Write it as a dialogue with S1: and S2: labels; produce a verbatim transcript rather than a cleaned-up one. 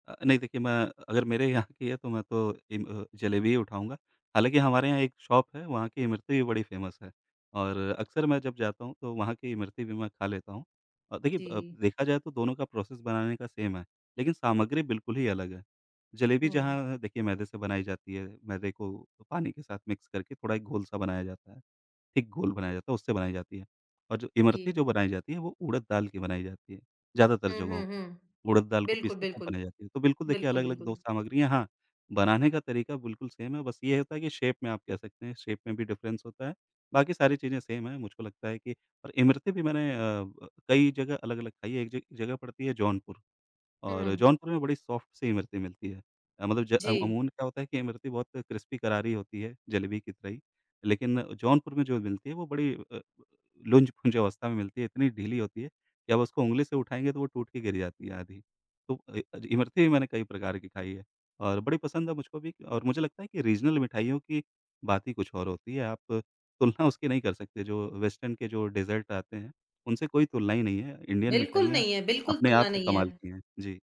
S1: अ, नहीं देखिए मैं अ, अगर मेरे यहाँ की है तो मैं तो जिम अ, जलेबी ही उठाऊँगा, हालाँकि हमारे यहाँ एक शॉप है, वहाँ की इमरती भी बड़ी फेमस है। और अक्सर मैं जब जाता हूँ तो वहाँ की इमरती भी मैं खा लेता हूँ और देखिए अ, ब
S2: जी।
S1: देखा जाए तो दोनों का प्रोसेस बनाने का सेम है, लेकिन सामग्री बिल्कुल ही अलग है, जलेबी
S2: हुँ।
S1: जहाँ देखिए मैदे से बनाई जाती है, मैदे को पानी के साथ मिक्स करके थोड़ा एक गोल सा बनाया जाता है, थिक गोल बनाया जाता है, उससे बनाई जाती है और जो इमरती
S2: जी।
S1: जो बनाई जाती है वो उड़द दाल की बनाई जाती है, ज़्यादातर
S2: हुँ,
S1: जगहों
S2: हुँ,
S1: पे,
S2: हुँ,
S1: उड़द दाल को पीस
S2: बिल्कुल,
S1: के वो
S2: बिल्कुल,
S1: बनाई जाती है। तो बिल्कुल देखिए
S2: बिल्कुल,
S1: अलग-अलग दो
S2: बिल्कुल।
S1: सामग्रियाँ हाँ, बनाने का तरीका बिल्कुल सेम है बस ये होता है कि शेप में आप कह सकते हैं शेप में भी डिफरेंस होता है। बाकी सारी चीज़ें सेम हैं मुझको लगता है कि और इमरती भी मैंने अ, ब कई जगह अलग-अलग खाई है एक जग जगह पड़ती है जौनपुर, और
S2: हुँ।
S1: जौनपुर में बड़ी सॉफ्ट सी इमरती मिलती है, मतलब ज अ,
S2: जी।
S1: अमून क्या होता है कि इमरती बहुत क्रिस्पी करारी होती है, जलेबी की तरह ही, लेकिन जौनपुर में जो मिलती है वो बड़ी अ, लुंज-पुंज अवस्था में मिलती है, इतनी ढीली होती है, कि आप उसको ऊँगली से उठाएँगे तो वो टूट के गिर जाती है आधी, तो इ अ, इमरती भी मैंने कई प्रकार की खाई है। और बड़ी पसंद है मुझको भी और मुझे लगता है कि रीज़नल मिठाइयों की बात ही कुछ और होती है आप तुलना उसकी नहीं कर सकते जो वेस्टर्न के जो डेज़र्ट आते हैं, उनसे कोई तुलना ही नहीं है, इंडियन
S2: बिल्कुल
S1: मिठाइयाँ,
S2: नहीं है, बिल्कुल
S1: अपने आप
S2: सुनना
S1: में
S2: नहीं
S1: कमाल
S2: है।
S1: की है। जी।